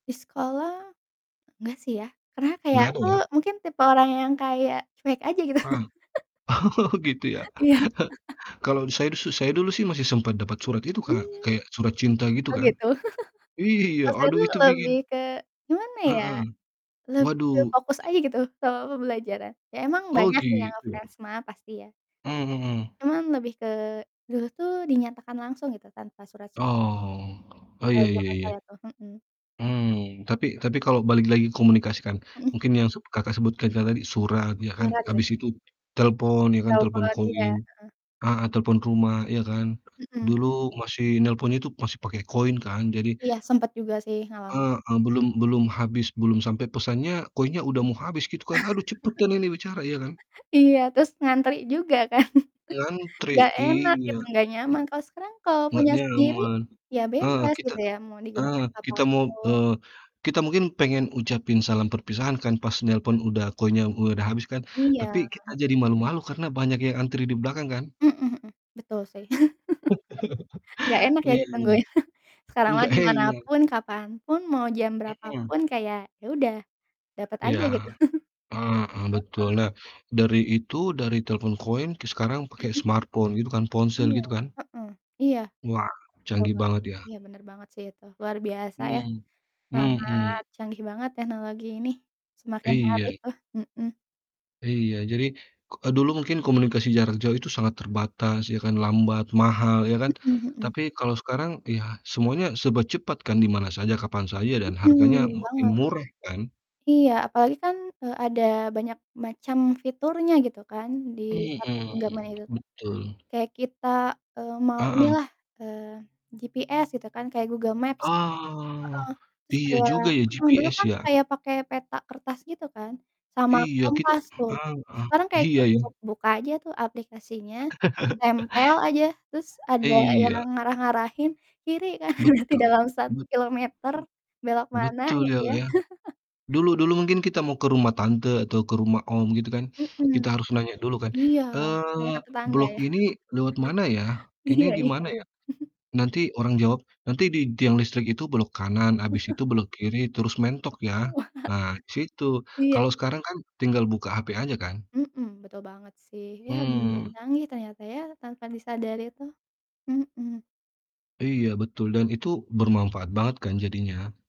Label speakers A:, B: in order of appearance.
A: Di sekolah nggak sih ya, karena kayak
B: Nggak ada,
A: aku
B: ya?
A: mungkin tipe orang yang kayak cuek aja, gitu.
B: Ah. Gitu, ya?
A: Iya.
B: Kalau di saya di su saya dulu sih masih sempat dapat
A: M
B: surat itu, Kak,
A: hmm,
B: kayak surat cinta, gitu
A: oh,
B: kan.
A: gitu.
B: Iya,
A: Pas saya
B: aduh
A: tuh,
B: itu bikin
A: lebih ke gimana ya,
B: Heeh,
A: lebih ke
B: waduh.
A: fokus aja gitu ke pembelajaran. Ya, emang
B: Oh,
A: banyak sih yang
B: gitu ya.
A: ngefans mah, pasti ya.
B: Mmm, mhm.
A: Cuma lebih ke dulu tuh dinyatakan langsung gitu, tanpa surat-surat.
B: Oh. Oh,
A: Kalo
B: ya ya
A: jaman
B: ya.
A: saya, tuh. Mhm.
B: Mmm, tapi tapi kalau balik lagi komunikasi kan,
A: Mhm.
B: mungkin yang s Kakak sebutkan kayak tadi, surat, ya kan,
A: Surat, sih.
B: abis itu telepon, ya kan, telepon
A: Telepon, iya,
B: koin
A: heeh.
B: ah hah, telepon rumah, ya kan.
A: Mhm.
B: Dulu masih nelpon itu masih pakai koin kan, jadi
A: Iya, sempet juga sih, ngalamin.
B: Heeh, belum belum habis, belum sampai pesannya, koinnya udah mau habis, gitu kan. "Aduh, cepetan ini bicara," iya, kan?
A: Iya, terus ngantri juga kan.
B: Ngantri,
A: Nggak enak
B: iya.
A: gitu, nggak
B: M
A: nyaman, kalau sekarang kalau
B: nggak
A: punya sendiri,
B: nyaman,
A: ya,
B: heeh,
A: bebas,
B: kita
A: gitu ya, mau
B: heeh,
A: digunakan kapan
B: kita mau
A: pun.
B: eee, kita mungkin pengen ucapin salam perpisahan kan pas nelepon udah koinnya udah mau habis kan.
A: Iya,
B: Tapi kita
A: heeh.
B: jadi malu-malu karena banyak yang antri di belakang kan?
A: Mhm mhm, betul sih. Nggak enak ya
B: Iya.
A: ditungguin, sekarang mah
B: Nggak
A: di mana
B: enak.
A: pun, kapan pun, mau jam
B: Mhm.
A: berapapun, kayak ya udah, dapet
B: Iya,
A: aja, gitu.
B: heeh, betul,
A: Heeh.
B: nah, dari itu, dari telepon koin, ke sekarang pake
A: Mhm.
B: smartphone gitu kan, ponsel
A: Iya,
B: gitu kan.
A: heeh, iya.
B: Wah, canggih
A: [unintelligible]
B: banget, ya.
A: Iya, bener banget sih, itu luar biasa ya,
B: Mhm,
A: sangat
B: mhm.
A: canggih banget teknologi ini, semakin hari
B: Iya.
A: tuh, mhm.
B: Iya, jadi, k eee, dulu mungkin komunikasi jarak jauh itu sangat terbatas, ya kan, lambat, mahal, ya kan?
A: Mhm mhm.
B: Tapi kalau sekarang ya, semuanya serba cepat kan, di mana saja, kapan saja, dan
A: Mhm,
B: harganya
A: bener
B: makin
A: banget.
B: murah kan?
A: Iya, apalagi kan, eee, ada banyak macam fiturnya gitu kan, di satu genggaman
B: Mhm,
A: itu tuh.
B: betul.
A: Kayak kita, eee, mau
B: Heeh.
A: inilah, eee, GPS gitu kan, kayak Google Maps.
B: Ah,
A: Heeh, terus
B: iya
A: kayak
B: juga ya,
A: heeh, dulu
B: GPS,
A: kan
B: ya.
A: kayak pakai peta kertas gitu kan, sama
B: Iya, kita
A: kompas tuh.
B: heeh,
A: Sekarang kayak
B: iya ya.
A: cukup buka aja tuh aplikasinya, tempel aja, terus ada yang
B: Iya.
A: ngarah-ngarahin, kiri kanan, nanti di
B: Betul,
A: dalam satu
B: bet
A: kilometer belok mana,
B: betul,
A: gitu
B: ya, Kak,
A: ya.
B: ya, dulu dulu mungkin kita mau ke rumah tante atau ke rumah om, gitu kan,
A: Mhm,
B: kita harus nanya dulu kan,
A: iya, nanya ke
B: eee,
A: tetangga,
B: "Blok
A: ya.
B: ini lewat mana, ya? Ini
A: Iya
B: di
A: iya.
B: mana ya?" Nanti orang jawab, "Nanti di tiang listrik itu belok kanan, habis itu belok kiri, terus mentok, ya.
A: Wah.
B: Nah, situ,"
A: Iya
B: kalau
A: i
B: sekarang kan tinggal buka HP aja kan?
A: Mhm, betul banget sih, ya bener-bener
B: Mmm.
A: canggih ternyata ya, tanpa disadari, tuh. Mhm.
B: Iya, betul, dan itu bermanfaat banget kan jadinya.